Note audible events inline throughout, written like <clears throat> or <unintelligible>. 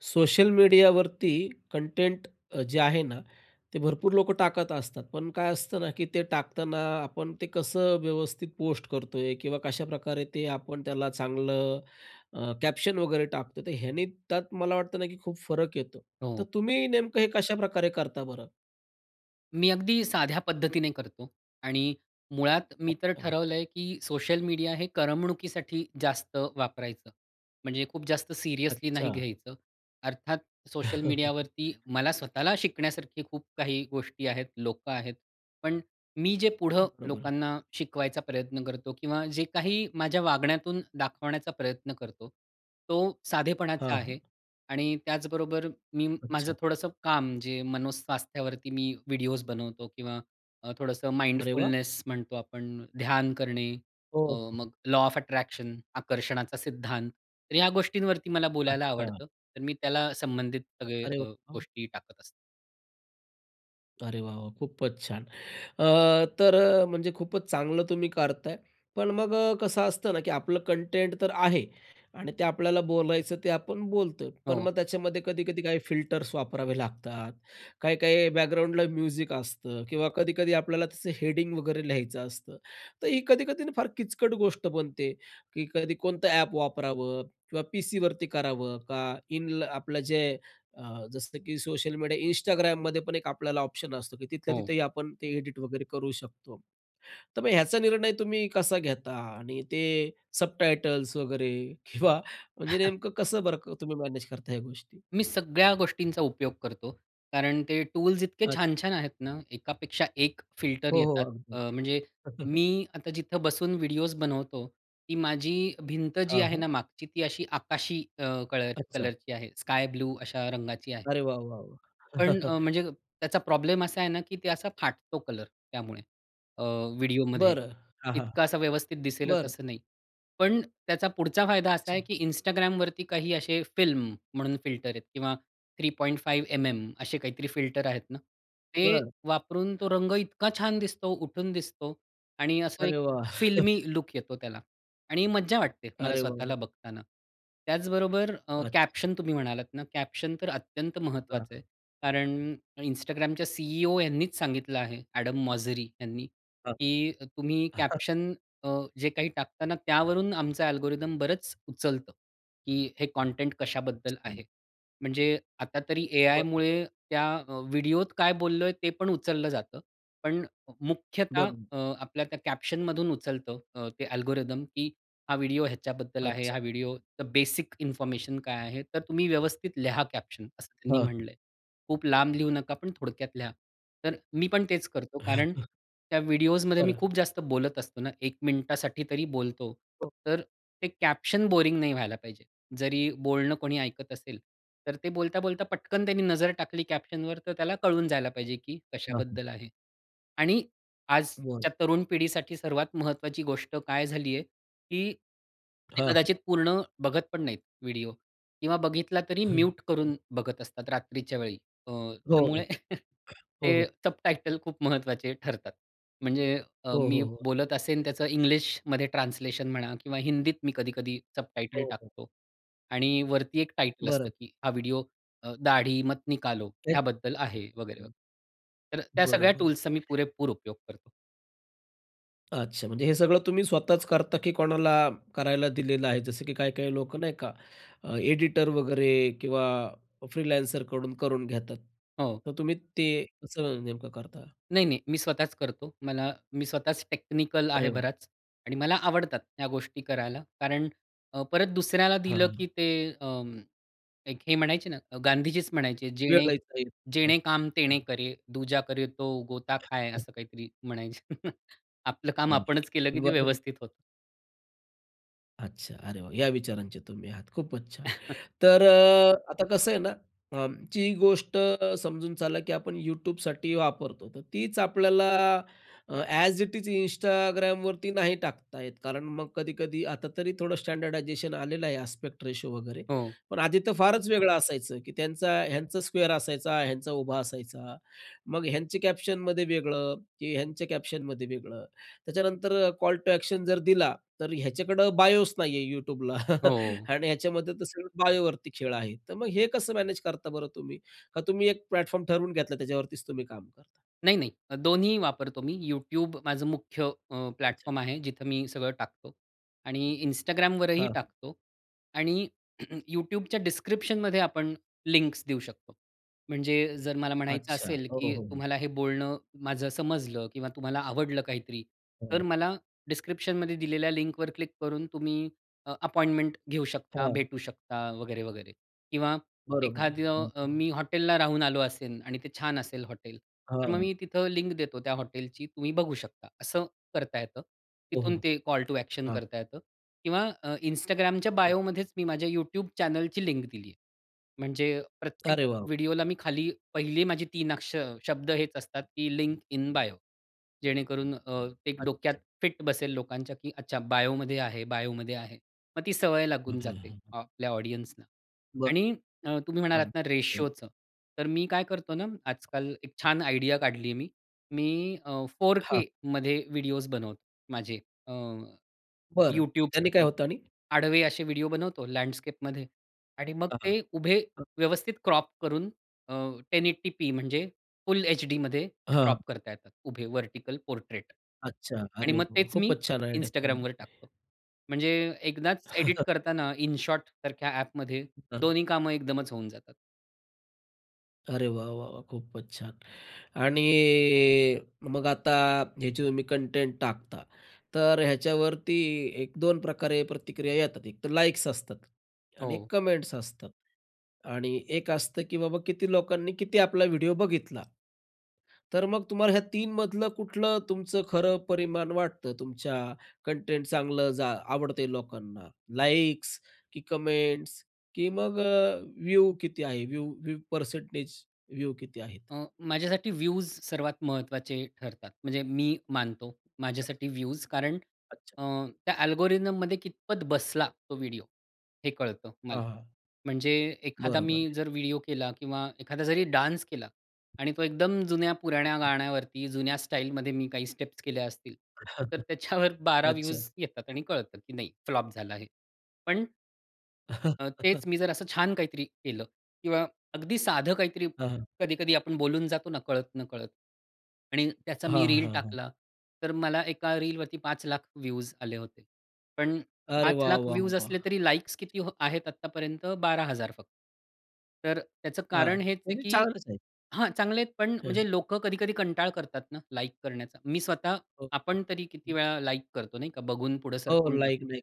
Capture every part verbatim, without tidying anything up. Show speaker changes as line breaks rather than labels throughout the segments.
Social मीडियावरती content अ, जे आहे ना, ते भरपूर लोक टाकत असतात. पण काय असतं ना की ते टाकताना आपण ते कसं व्यवस्थित पोस्ट करतोय किंवा कशाप्रकारे ते आपण त्याला चांगलं अ, कॅप्शन वगैरे टाकतो? तर ह्याने त्यात मला वाटतं ना की खूप फरक येतो. तर
हो.
तुम्ही नेमकं हे कशाप्रकारे करता बरं?
मी अगदी साध्या पद्धतीने करतो. आणि मुळात मी तर
अच्छा.
ठरवलंय, की सोशल मीडिया हे करमणुकीसाठी जास्त वापरायचं. म्हणजे खूप जास्त सीरियसली नाही
अच्छा.
घ्यायचं. अर्थात सोशल मीडियावरती
<chuckles>
मला स्वतःला शिकण्यासारखी खूप काही गोष्टी आहेत, लोकं आहेत. पण मी जे पुढं
बरोबर.
लोकांना शिकवायचा प्रयत्न करतो किंवा जे काही माझ्या वागण्यातून दाखवण्याचा प्रयत्न करतो तो साधेपणाचा
हां, हां.
आहे आणि त्याचबरोबर मी माझं
अच्छा.
थोडंसं काम जे मनोस्वास्थ्यावरती मी व्हिडिओज बनवतो किंवा अ, थोडंसं
अरे वाह!
माइंडफुलनेस म्हणतो आपण ध्यान करणे, अ,
हो, हो.
मग लॉ ऑफ अट्रॅक्शन आकर्षणाचा सिद्धांत. तर या गोष्टींवरती मला बोलायला
अच्छा.
आवडतं. तर मी त्याला संबंधित सगळे
अरे
अ,
वाह!
गोष्टी टाकत असतो.
अरे वाह, वाह! खूपच छान. अ, तर अ, म्हणजे खूपच चांगलं तुम्ही करताय. पण मग कसं असतं ना की आपलं कंटेंट तर आहे. आणि ते आपल्याला बोलायचं ते आपण बोलतो. पण
हो.
मग त्याच्यामध्ये कधी-कधी काही फिल्टर्स वापरावे लागतात, काही-काही बॅकग्राऊंडला म्युझिक असतं किंवा कधी-कधी आपल्याला त्याचं हेडिंग वगैरे लिहायचं असतं. तर ही कधी-कधी फार किचकट गोष्ट बनते, की कधी कोणतं अ‍ॅप वापरावं किंवा पीसीवरती करावं का इन आपलं जे अ, जसं की सोशल मीडिया Instagramमध्ये पण एक आपल्याला ऑप्शन असतो, की तिथल्या
हो.
तिथंही आपण ते एडिट वगैरे करू शकतो. तर मग ह्याचा निर्णय तुम्ही कसा घेता आणि ते सबटायटल्स वगैरे किंवा म्हणजे
<chuckles>
नेमकं कसं बर तुम्ही मॅनेज करता ह्या गोष्टी?
मी सगळ्या गोष्टींचा उपयोग करतो. कारण ते टूल्स इतके
अच
छान-छान आहेत ना एकापेक्षा एक फिल्टर
हो, हो,
येतात.
अगदी,
अ,
अगदी.
म्हणजे
<chuckles>
मी आता जिथं बसून व्हिडिओज बनवतो. ती माझी भिंत जी
हां,
आहे
हां.
ना मागची ती अशी आकाशी अ, कलर
अच्छा.
कलरची आहे. स्काय ब्लू अशा रंगाची आहे.
अरे वाह, वाह, वाह!
पण
<chuckles>
अ, म्हणजे त्याचा प्रॉब्लेम असा आहे ना, की ते असा फाटतो कलर त्यामुळे अ, व्हिडिओमध्ये.
बरं, हां, हां.
इतकं असं व्यवस्थित दिसेलच
बरं.
असं नाही. पण त्याचा पुढचा फायदा असा आहे
अच्छा.
की Instagramवरती काही असे फिल्म म्हणून फिल्टर आहेत किंवा three point five M M असे काहीतरी फिल्टर आहेत ना, ते
बरं.
वापरून तो रंग इतका छान दिसतो, उठून दिसतो. आणि असं
अरे
एक
वाह! <chuckles>
फिल्मी लूक येतो त्याला आणि मज्जा वाटते मला
अरे वाह,
स्वतःला
वाह!
बघताना. त्याचबरोबर अ,
अच्छा.
कॅप्शन तुम्ही म्हणालात ना, कॅप्शन तर अत्यंत महत्त्वाचं
हां.
आहे. कारण Instagramच्या सी-ई-ओ यांनीच सांगितलं आहे. एडम मॉझरी यांनी,
हां.
की तुम्ही
<chuckles>
कॅप्शन अ, जे काही टाकतां ना त्यावरून आमचं अल्गोरिदम बरंच उचलतं, की हे कंटेंट कशाबद्दल
अच्छा.
आहे. म्हणजे आता तरी
बरं.
एआयमुळे त्या अ, व्हिडिओत काय बोललोय ते पण उचललं जातं. पण मुख्यतः
बरोबर
अ,
आहे.
आपल्या त्या कॅप्शनमधून उचलतं अ, ते अल्गोरिदम, की हा व्हिडिओ ह्याच्याबद्दल आहे. हां,
अच्छा.
व्हिडिओ बेसिक इन्फॉर्मेशन काय आहे? तर तुम्ही व्यवस्थित लिहा कॅप्शन असं
हां,
त्यांनी
हां.
म्हटलंय. खूप लांब लिहू नका पण थोडक्यात लिहा. तर मी पण तेच करतो. कारण
<chuckles>
त्या व्हिडिओजमध्ये मी
बरं.
खूप जास्त बोलत असतो ना एक मिनिटासाठी तरी बोलतो.
ओक
तर ते कॅप्शन बोरिंग नाही व्हायला पाहिजे. जरी बोलणं कोणी ऐकत असेल, तर ते बोलता-बोलता पटकन त्यांनी नजर टाकली कॅप्शनवर तर त्याला कळून जायला पाहिजे, की
हां, हां.
कशाबद्दल आहे. आणि
बोलतंय.
आजच्या तरुण पिढीसाठी सर्वात महत्त्वाची गोष्ट काय झाली आहे, की ते
हां, हां.
कदाचित पूर्ण बघत पण नाहीत व्हिडिओ किंवा बघितला तरी म्यूट
<chuckles>
करून बघत असतात रात्रीच्या वेळी. अ,
हो, हो.
त्यामुळे <chuckles>
हो,
ते
हो.
सबटायटल खूप महत्त्वाचे ठरतात. म्हणजे अ,
हो,
मी
हो, हो.
बोलत असेन त्याचं इंग्लिशमध्ये ट्रान्सलेशन म्हणा किंवा हिंदीत मी कधी-कधी
हो,
सबटायटल
हो.
टाकतो आणि वरती एक टायटल असतं,
बरं.
की हा व्हिडिओ दाढी अ, मत निकालो
एक
ह्याबद्दल आहे. वगैरे, वगैरे.
<unintelligible>
तर त्या सगळ्या
बरोबर आहे.
टूल्सचा मी पुरेपूर उपयोग करतो.
अच्छा म्हणजे हे सगळं तुम्ही स्वतःच करता की कोणाला करायला दिलेलं आहे जसं की काही-काही लोक नाही का अ, एडिटर वगैरे किंवा अ, फ्रीलान्सर कडून करून घेतात,
हो.
तर तुम्ही ते कसं नेमकं करता?
नाही नाही, मी स्वतःच करतो. मला मी स्वतःच टेक्निकल आहे
अरे, वाह!
बराच आणि मला आवडतात ह्या गोष्टी करायला. कारण अ, परत दुसऱ्याला
हां,
दिलं
हां, हां.
की ते अं, एक हे म्हणायचे ना, अ, गांधीजीच म्हणायचे, "जेणे जेणे
<unintelligible>
काम तेणे
हो.
करे, दुजा करे तो गोता खाए,"
<chuckles>
असं काहीतरी म्हणायचे. <chuckles> आपलं काम आपणच केलं की
अगदी
ते
बरोबर.
व्यवस्थित होतं.
अच्छा, अरे वाह! या विचारांचे तुम्ही आहात, खूपच छान!
<chuckles>
तर अ, आता कसं आहे ना, अं, जी गोष्ट समजून चला की आपण YouTubeसाठी वापरतो, तर तीच आपल्याला अ, ॲज इट इज Instagramवरती नाही टाकता येत. कारण मग कधी-कधी आता तरी थोडं स्टँडर्डायझेशन आलेलं आहे, आस्पेक्ट रेशिओ वगैरे,
हो.
पण आधी तर फारच वेगळं असायचं की त्यांचा ह्यांचा स्क्वेअर असायचा, ह्यांचा उभा असायचा. मग ह्यांच्या कॅप्शनमध्ये वेगळं की ह्यांच्या कॅप्शनमध्ये वेगळं. त्याच्यानंतर अ, कॉल टू ॲक्शन जर दिला, तर ह्याच्याकडं बायोच नाहीये YouTubeला
हो,
<chuckles>
ओ.
आणि ह्याच्यामध्ये तर सगळं बायोवरती खेळ आहे. तर मग हे कसं मॅनेज करता बरं तुम्ही? का तुम्ही एक प्लॅटफॉर्म ठरवून घेतला, त्याच्यावरतीच तुम्ही काम करता?
नाही नाही, अ, दोन्ही वापरतो मी. YouTube माझं मुख्य अ,
अच्छा.
प्लॅटफॉर्म आहे, जिथं मी सगळं टाकतो आणि
हं.
Instagramवरही
हां.
टाकतो आणि <clears throat> YouTubeच्या डिस्क्रिप्शनमध्ये आपण लिंक्स देऊ शकतो. म्हणजे जर मला म्हणायचं
अच्छा,
असेल
हो, हो,
की
हो.
तुम्हाला हे बोलणं माझं समजलं किंवा तुम्हाला आवडलं काहीतरी,
हं.
तर मला डिस्क्रिप्शनमध्ये दिलेल्या लिंकवर क्लिक करून तुम्ही अ, अपॉइंटमेंट घेऊ शकता,
हां.
भेटू शकता, वगैरे-वगैरे. किंवा
बरोबर आहे.
एखादं अ, मी
अगदी.
हॉटेलला राहून आलो असेन आणि ते छान असेल हॉटेल, तर मग
हां.
मी तिथं लिंक देतो त्या हॉटेलची तुम्ही बघू शकता, असं करता येतं. तिथून,
ओहो.
ते कॉल टू ॲक्शन
हां.
करता येतं किंवा अ, Instagramच्या
हो.
बायोमध्येच मी माझ्या YouTube चॅनलची लिंक दिली आहे. म्हणजे प्रत्येक
अरे, वाव!
व्हिडिओला मी खाली पहिली माझी तीन अक्ष शब्द हेच असतात, की लिंक इन बायो,
हं.
जेणेकरून अ, ते डोक्यात
अच्छा.
फिट बसेल लोकांच्या की अच्छा, बायोमध्ये आहे, बायोमध्ये आहे. मग ती सवय
हां,
लागून
हां,
जाते
हां, हां.
आपल्या ऑडियन्सना.
बरं.
आणि अ, तुम्ही म्हणालात
अगदी,
ना
अग
रेशिओचं, तर मी काय करतो ना आजकाल एक छान आयडिया काढलीये मी. मी अ, फोर
हां.
के मध्ये व्हिडिओज बनवतो माझे अ,
बरं. त्यांनी काय
YouTubeसाठी,
होतं आणि?
आडवे असे व्हिडिओ बनवतो लँडस्केपमध्ये. आणि मग
हां, हां.
ते उभे
हं.
व्यवस्थित क्रॉप करून अ, टेन एटी पी, म्हणजे फुल एचडीमध्ये क्रॉप
हां.
करता येतात, उभे, व्हर्टिकल पोर्ट्रेट.
अच्छा.
आणि
अरे, वाह!
मग
वाह!
तेच मी
खूपच छान आयडिया तुमची.
Instagramवर टाकतो. म्हणजे एकदाच एडिट
<chuckles>
करताना InShotसारख्या ॲपमध्ये
अ, हां.
दोन्ही कामं एकदमच होऊन जातात.
अरे वा! वा! वा! खूपच छान! आणि मग आता ह्याची तुम्ही कंटेंट टाकता, तर ह्याच्यावरती एक-दोन प्रकारे प्रतिक्रिया येतात. एक तर लाईक्स असतात आणि
हो.
कमेंट्स असतात आणि एक असतं की बाबा, किती लोकांनी किती आपला व्हिडिओ बघितला. तर मग तुम्हाला ह्या तीन मधलं कुठलं तुमचं खरं परिमाण वाटतं तुमच्या कंटेंट चांगलं जा आवडतंय लोकांना? लाईक्स की कमेंट्स की मग अ, व्ह्यू किती आहे, व्ह्यू व्ह्यू परसेंटेज व्ह्यू किती आहेत?
अं, माझ्यासाठी व्यूज सर्वात महत्त्वाचे ठरतात, म्हणजे मी मानतो
<unintelligible>
माझ्यासाठी व्यूज, कारण
अच्छा.
अ, त्या अल्गोरिदममध्ये कितपत बसला तो व्हिडिओ, हे कळतं मला.
हां, हां.
म्हणजे एखादा
बरोबर
मी
आहे.
जर व्हिडिओ केला किंवा एखादा जरी डान्स केला आणि तो एकदम जुन्या-पुराण्या गाण्यावरती जुन्या स्टाईलमध्ये मी काही स्टेप्स केल्या असतील, तर त्याच्यावर
<chuckles>
बारा
अच्छा.
व्यूज येतात आणि कळतं, की नाही फ्लॉप झालं आहे, पण अ, तेच मी जर असं
<laughs>
छान काहीतरी केलं किंवा अगदी साधं काहीतरी
हां, हां.
कधी-कधी आपण बोलून जातो कळत-नकळत आणि त्याचा
हां,
मी रील
हां, हां.
टाकला तर मला एका रीलवरती पाच लाख व्ह्यूज आले होते. पण
अरे
पाच
वाह!
लाख
वाह!
व्ह्यूज
वाह!
असले,
खूपच
तरी लाईक्स
छान.
किती आहेत आत्तापर्यंत? बारा हजार फक्त् तर त्याचं
अ,
कारण हेच आहे,
तरी
की
छानच आहे.
हां, चांगले आहेत पण
हं.
म्हणजे लोकं कधी-कधी कंटाळा करतात ना लाईक करण्याचा. मी स्वतः,
ओके,
आपण तरी किती
हं.
वेळा लाईक करतो, नाही का? बघून पुढे
हो,
सरकून
लाईक
टाकतो.
नाही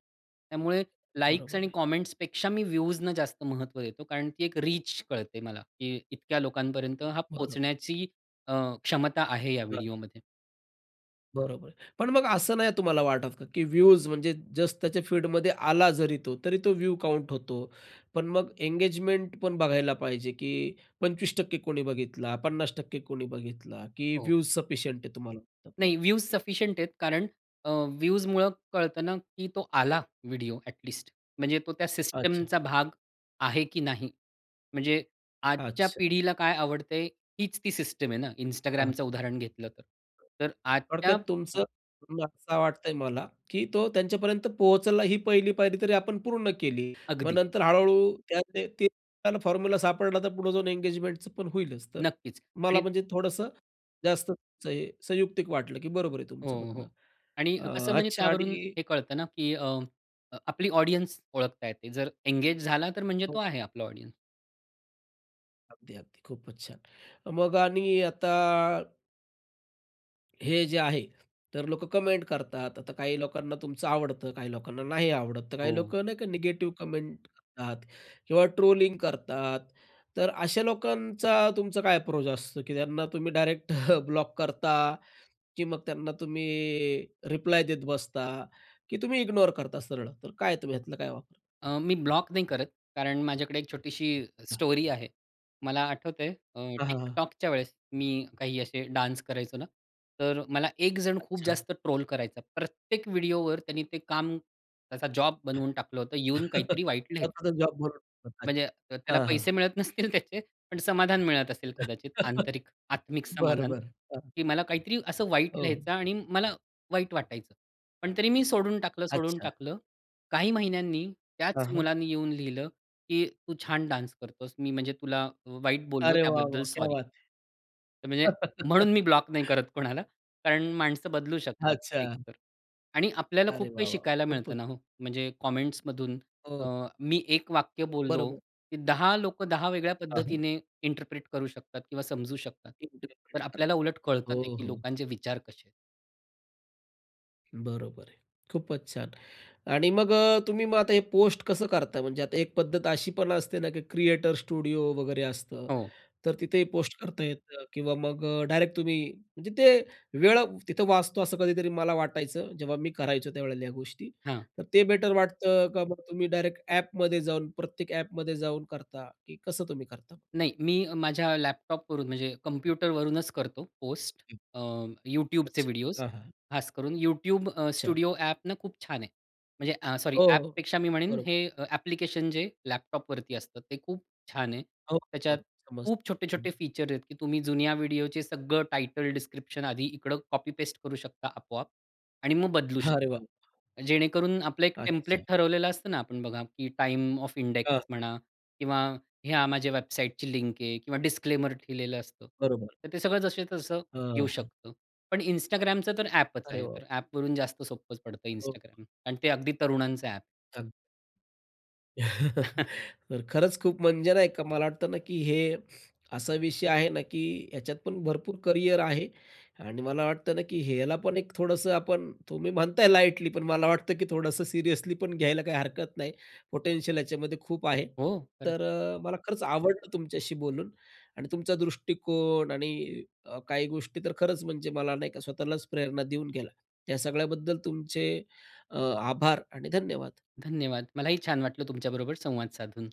त्यामुळे लाईक्स
बरोबर
आणि
आहे.
कामेंट्सपेक्षा मी व्ह्यूजना जास्त महत्त्व देतो, कारण ती एक रीच कळते मला की इतक्या लोकांपर्यंत हा
बरं.
पोहोचण्याची अ, क्षमता आहे या
बरोबर.
व्हिडिओमध्ये.
बरोबर आहे. पण मग असं नाही तुम्हाला वाटतं का? की व्हूज म्हणजे जस्ट त्याच्या फीडमध्ये आला जरी तो, तरी तो व्यू काउंट होतो, पण मग एंगेजमेंट पण बघायला पाहिजे, की पंचवीस टक्के कोणी बघितला, पन्नास टक्के कोणी बघितला, की
हो.
व्हूज सफिशियंट आहे तुम्हाला <unintelligible> मग?
नाही व्हूज सफिशियंट आहेत. कारण अ, व्हूजमुळं कळतं ना की तो आला व्हिडिओ ॲट लीस्ट. म्हणजे तो त्या
अच्छा.
सिस्टीमचा भाग आहे की नाही? म्हणजे आजच्या
अच्छा.
पिढीला काय आवडतंय? हीच ती सिस्टीम आहे ना.
हां.
Instagramचं उदाहरण घेतलं तर. आजच्या
थोडक्यात
अ
तुमचं <unintelligible> असं वाटतंय मला, की तो त्यांच्यापर्यंत पोहोचला ही पहिली पायरी तरी आपण पूर्ण केली. मग
अगदी.
नंतर हळू-हळू त्यात ते त्याला फॉर्म्युला सापडला. तर पुढे जाऊन एन्गेजमेंटचं पण होईलच. तर
नक्कीच.
मला
आणि
म्हणजे थोडंसं जास्त संयु संयुक्तिक वाटलं, की बरोबर आहे
हो,
तुमचं म्हणणं.
हो आणि अ, कसं
अ,
म्हणजे
अच्छा
त्यावरून
आणि
हे कळतं ना, की अ, अ, आपली ऑडियन्स ओळखता येते. जर एन्गेज झाला तर म्हणजे तो
हो.
आहे आपला ऑडियन्स.
अगदी, अगदी, खूपच छान. मग आणि आता हे जे आहे. तर लोक कमेंट करतात. आता काही लोकांना तुमचं आवडतं, काही लोकांना नाही आवडत, तर काही लोक
हो.
नाही का निगेटिव्ह कमेंट करतात किंवा ट्रोलिंग करतात, तर अशा लोकांचा तुमचा काय अप्रोच असतो, की त्यांना तुम्ही डायरेक्ट <chuckles> ब्लॉक करता की मग त्यांना तुम्ही रिप्लाय देत बसता की तुम्ही इग्नोर करता सरळं? तर काय तुम्ही ह्यातलं काय वापर
अ, मी ब्लॉक नाही करत. कारण माझ्याकडे एक छोटीशी
हां.
स्टोरी आहे. मला आठवतंय अ,
हां, हां, हां.
TikTokच्या वेळेस मी काही असे डान्स करायचो ना, तर मला एकजण खूप
अच्छा.
जास्त ट्रोल करायचा, प्रत्येक व्हिडिओवर त्यांनी ते काम त्याचा जॉब बनवून टाकलं होतं येऊन
<chuckles>
काहीतरी वाईट लिहायचं.
स्वतःचाच जॉब बनवून <unintelligible>
म्हणजे अ, त्याला
हां, हां.
पैसे मिळत नसतील त्याचे. पण समाधान मिळत असेल कदाचित.
<chuckles>
आंतरिक, आत्मिक
बरं,
समाधान,
बरं, हां.
की मला काहीतरी असं वाईट
हो.
लिहायचा आणि मला वाईट वाटायचं. पण तरी मी सोडून टाकलं, सोडून
अच्छा.
टाकलं. काही महिन्यांनी
हां,
त्याच
हां.
मुलाने येऊन लिहिलं, की तू छान डान्स करतोस. मी म्हणजे तुला अ, वाईट बोललो
अरे, वाह!
त्याबद्दल
वाह! क्या
सॉरी.
बात
तर म्हणजे म्हणून
है!
मी ब्लॉक नाही करत कोणाला. कारण माणसं बदलू शकतात
अच्छा.
एकतर आणि आपल्याला
अरे,
खूप काही
वाह! वाह!
शिकायला
खूपच
मिळतं ना हो, म्हणजे कॉमेंट्समधून. अ,
हो.
मी एक वाक्य बोललो,
बरोबर.
की दहा लोक दहा वेगळ्या
हां. हं.
पद्धतीने इंटरप्रेट करू शकतात किंवा समजू शकतात.
एकतरी
तर आपल्याला उलट
<unintelligible>
कळतं
हो,
ते, की
हो.
लोकांचे विचार कसे आहेत.
बरोबर आहे. खूपच छान आणि मग अ, तुम्ही मग आता हे पोस्ट कसं करताय म्हणजे आता एक पद्धत अशी पण असते ना की क्रिएटर स्टुडिओ वगैरे असतं.
हो.
तर तिथे पोस्ट करता येतं किंवा मग अ, डायरेक्ट तुम्ही म्हणजे ते वेळ तिथं वाचतो असं कधीतरी मला वाटायचं जेव्हा मी करायचो त्यावेळेला ह्या गोष्टी.
हां.
तर ते बेटर वाटतं का मग तुम्ही डायरेक्ट ॲपमध्ये जाऊन प्रत्येक ॲपमध्ये जाऊन करता? की कसं तुम्ही करता मग?
नाही, मी माझ्या लॅपटॉपवरून म्हणजे कॉम्प्युटरवरूनच करतो पोस्ट.
हं.
अ, YouTubeचे
अच्छा,
व्हिडिओस.
हां, हां.
खासकरून YouTube अ,
अच्छा.
स्टुडिओ ॲप ना खूप छान आहे. म्हणजे अ, सॉरी
हो, हो.
ॲपपेक्षा मी म्हणेन
बरोबर.
हे ॲप्लिकेशन जे लॅपटॉपवरती असतं ते खूप छान आहे.
हो,
त्याच्यात
बरोबर, समजतो.
खूप छोटे-छोटे
<unintelligible>
फीचर्स आहेत की तुम्ही जुन्या व्हिडिओचे सगळं टायटल डिस्क्रिप्शन आधी इकडं कॉपी पेस्ट करू शकता आपोआप आणि मग बदलू
अरे
शकता.
वाह!
जेणेकरून आपलं एक
अच्छा.
टेम्प्लेट ठरवलेलं असतं ना आपण बघा की टाइम ऑफ
हां.
इंडेक्स म्हणा किंवा ह्या माझ्या वेबसाईटची लिंक आहे किंवा डिस्क्लेमर केलेलं असतं.
बरोबर.
तर ते सगळं जसंच्या तसं
अ,
येऊ
हां.
शकतं. पण Instagramच तर ॲपच
अरे
आहे
वाह!
तर ॲपवरून जास्त सोप्पंच पडतं
<unintelligible>
Instagram आणि ते अगदी तरुणांचं ॲप.
अग <chuckles>
<chuckles>
तर खरंच खूप म्हणजे नाही का मला वाटतं ना, की हे असा विषय आहे ना, की ह्याच्यात पण भरपूर करियर आहे आणि मला वाटतं ना, की ह्याला पण एक थोडंसं आपण तुम्ही म्हणताय लाईटली पण मला वाटतं, की थोडंसं सीरियसली पण घ्यायला काही हरकत नाही. पोटेन्शियल याच्यामध्ये खूप आहे.
हो, खरंच.
तर अ, मला खरंच आवडलं तुमच्याशी बोलून आणि तुमचा दृष्टिकोन आणि अ, काही गोष्टी तर खरंच म्हणजे मला नाही का स्वतःलाच प्रेरणा देऊन गेला त्या सगळ्याबद्दल तुमचे अ, आभार आणि धन्यवाद.
धन्यवाद. मलाही छान वाटलं तुमच्याबरोबर संवाद साधून.